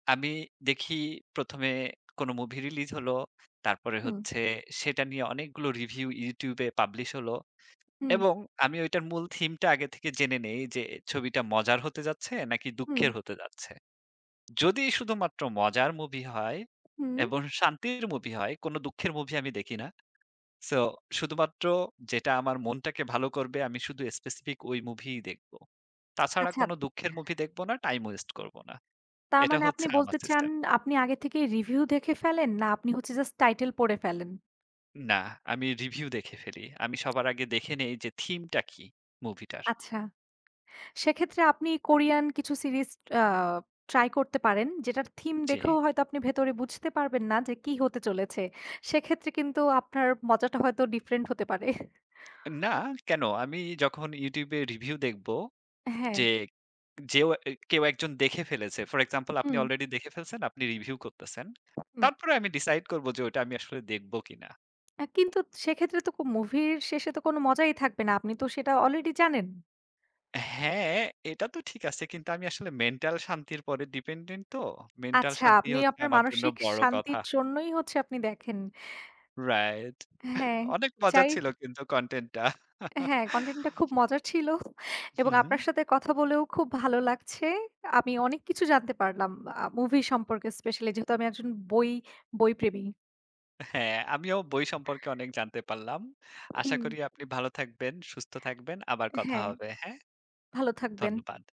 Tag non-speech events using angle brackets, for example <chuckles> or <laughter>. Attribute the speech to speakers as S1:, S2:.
S1: আমি দেখি ১ম এ কোনো মুভি রিলিজ হলো। তারপরে
S2: হুম।
S1: হচ্ছে সেটা নিয়ে অনেকগুলো রিভিউ YouTube এ পাবলিশ হল।
S2: হুম।
S1: এবং আমি ঐটার মূল থিমটা আগে থেকে জেনে নেই, যে ছবিটা মজার হতে যাচ্ছে নাকি
S2: হু।
S1: দুঃখের হতে যাচ্ছে। যদি শুধুমাত্র মজার মুভি হয়,
S2: হু।
S1: এবং শান্তির মুভি হয়; কোন দুঃখের মুভি আমি দেখি না। সো শুধুমাত্র যেটা আমার মনটাকে ভালো করবে, আমি শুধু স্পেসিফিক ওই মুভিই দেখব। তাছাড়া
S2: আচ্ছা।
S1: কোন দুঃখের মুভি দেখব না, টাইম ওয়েস্ট করব না। এটা
S2: তারমানে আপনি
S1: হচ্ছে আমার
S2: বলতে চান,
S1: সিস্টেম।
S2: আপনি আগে থেকেই রিভিউ দেখে ফেলেন না আপনি হচ্ছে জাস্ট টাইটেল পড়ে ফেলেন?
S1: না, আমি রিভিউ দেখে ফেলি। আমি সবার আগে দেখে নেই যে থিমটা কি মুভিটার।
S2: আচ্ছা। সেক্ষেত্রে আপনি কোরিয়ান কিছু সিরিজ আ ট্রাই করতে পারেন। যেটার থিম দেখেও
S1: জি।
S2: হয়তো আপনি ভেতরে বুঝতে পারবেন না যে কি হতে চলেছে। সেক্ষেত্রে কিন্তু আপনার মজাটা হয়তো ডিফরেন্ট হতে পারে।
S1: না, কেন? আমি যখন YouTube এ রিভিউ দেখব,
S2: হ্যাঁ।
S1: যে যেউ কেউ একজন দেখে ফেলেছে। ফর এক্সাম্পল আপনি
S2: হু।
S1: অলরেডি দেখে ফেলছেন, আপনি রিভিউ করতেছেন।
S2: হু।
S1: তারপরে আমি ডিসাইড করব যে ওইটা আমি আসলে দেখবো কিনা।
S2: অ্যা কিন্তু সেক্ষেত্রে তো খুব মুভির শেষে তো কোন মজাই থাকবে না। আপনি তো সেটা অলরেডি জানেন।
S1: হ্যাঁ, এটা তো ঠিক আছে, কিন্তু আমি আসলে মেন্টাল শান্তির পরে ডিপেন্ডেন্ট তো। মেন্টাল
S2: আচ্ছা,
S1: শান্তিই
S2: আপনি
S1: হচ্ছে
S2: আপনার
S1: আমার জন্য
S2: মানসিক
S1: বড় কথা।
S2: শান্তির জন্যই হচ্ছে আপনি দেখেন।
S1: রাইট।
S2: হ্যাঁ,
S1: অনেক মজা
S2: চাই।
S1: ছিল কিন্তু কনটেন্টটা।
S2: হ্যাঁ, কনটেন্টটা খুব
S1: <chuckles>
S2: মজার ছিল। এবং
S1: হুম, হুম।
S2: আপনার সাথে কথা বলেও খুব ভালো লাগছে। আমি অনেক কিছু জানতে পারলাম আ মুভি সম্পর্কে; স্পেশালি যেহেতু আমি একজন বই বইপ্রেমী।
S1: হ্যাঁ, আমিও বই সম্পর্কে অনেক জানতে পারলাম। আশা
S2: হুম।
S1: করি আপনি ভালো থাকবেন, সুস্থ থাকবেন, আবার কথা
S2: হ্যাঁ।
S1: হবে। হ্যাঁ?
S2: ভালো থাকবেন।
S1: ধন্যবাদ।